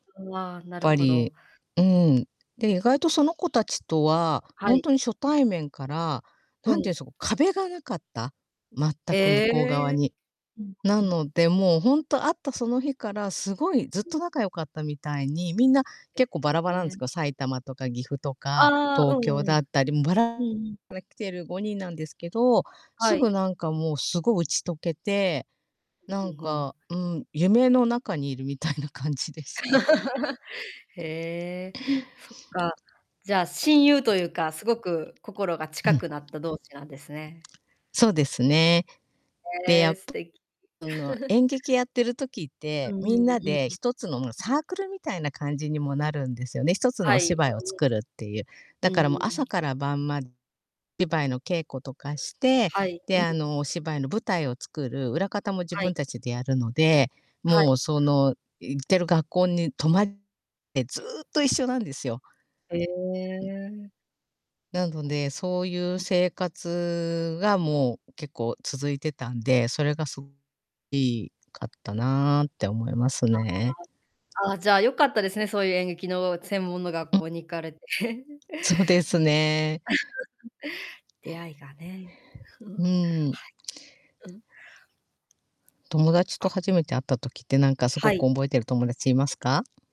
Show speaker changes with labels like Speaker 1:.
Speaker 1: うわ、なる
Speaker 2: ぱ
Speaker 1: ほど。
Speaker 2: り、うん。で、意外とその子達とは、
Speaker 1: は
Speaker 2: ほん
Speaker 1: い。
Speaker 2: とに初対面から、
Speaker 1: う
Speaker 2: 何て
Speaker 1: ん。
Speaker 2: 言うんそ、こう壁が無かった、全く向こう側
Speaker 1: ええ。
Speaker 2: に。
Speaker 1: うん
Speaker 2: な
Speaker 1: うん。
Speaker 2: ので、もうほんと会ったその日から、すごいずっ
Speaker 1: う
Speaker 2: と
Speaker 1: ん。
Speaker 2: 仲良かったみたいに、みんな、
Speaker 1: え
Speaker 2: 結構バラバラなん
Speaker 1: え。
Speaker 2: す
Speaker 1: ね。
Speaker 2: けど、埼玉とか岐阜とか
Speaker 1: ああ。
Speaker 2: 東
Speaker 1: うん
Speaker 2: 京
Speaker 1: う
Speaker 2: だっ
Speaker 1: ん。
Speaker 2: たり、もうば
Speaker 1: う
Speaker 2: ら
Speaker 1: んうん。
Speaker 2: から来てる5人なんですけど、
Speaker 1: は
Speaker 2: すぐ
Speaker 1: い。
Speaker 2: なんか、もうすごい打ち解けて、なん
Speaker 1: う、は。
Speaker 2: か、うん、夢の中にいるみたいな感じでした。
Speaker 1: へえ、そっか。じゃあ、親友というか、すごく心が
Speaker 2: う
Speaker 1: 近
Speaker 2: ん。
Speaker 1: くなった同志なんですね。
Speaker 2: そうですね。で、
Speaker 1: へ
Speaker 2: や
Speaker 1: え。素
Speaker 2: ぷ
Speaker 1: 敵。
Speaker 2: あの、演劇やってる時っ
Speaker 1: う
Speaker 2: て、
Speaker 1: んう
Speaker 2: み
Speaker 1: ん
Speaker 2: ん
Speaker 1: うんう
Speaker 2: な
Speaker 1: ん。
Speaker 2: で
Speaker 1: う
Speaker 2: 一つの、もう
Speaker 1: ん。
Speaker 2: サークルみたいな感じにもなるんですよね。一つの
Speaker 1: は
Speaker 2: お
Speaker 1: い。
Speaker 2: 芝居を
Speaker 1: うんうん。
Speaker 2: 作るっていう。だ
Speaker 1: うん
Speaker 2: からもう
Speaker 1: う
Speaker 2: 朝
Speaker 1: ん。
Speaker 2: から晩までばいの稽古とかして、
Speaker 1: はい。うん
Speaker 2: で、
Speaker 1: うんう
Speaker 2: あの、
Speaker 1: ん。
Speaker 2: お芝居の舞台を作る、裏方も自
Speaker 1: はい。
Speaker 2: 分たちでやるので、
Speaker 1: はい、
Speaker 2: もうそ
Speaker 1: は
Speaker 2: の行ってる学校に泊まっ [unintelligible] え、ずっと一緒なんですよ。
Speaker 1: へ
Speaker 2: うん。
Speaker 1: え。
Speaker 2: なので、そういう
Speaker 1: うんうん。
Speaker 2: 生活がもう結構続いてたんで、それがそ [unintelligible] いかったなって思います
Speaker 1: あ
Speaker 2: ね。
Speaker 1: あ。ああ、じゃあ良かったですね、そういう演劇の専門の学
Speaker 2: うん。
Speaker 1: 校に行かれて。うん、
Speaker 2: そうですね。
Speaker 1: 出会いがね。
Speaker 2: う
Speaker 1: は
Speaker 2: ん。
Speaker 1: い。うん。
Speaker 2: 友達と
Speaker 1: あ。
Speaker 2: 初めて会った時って、なんかすご
Speaker 1: は
Speaker 2: くお
Speaker 1: い。
Speaker 2: んぼえてる友達いますか？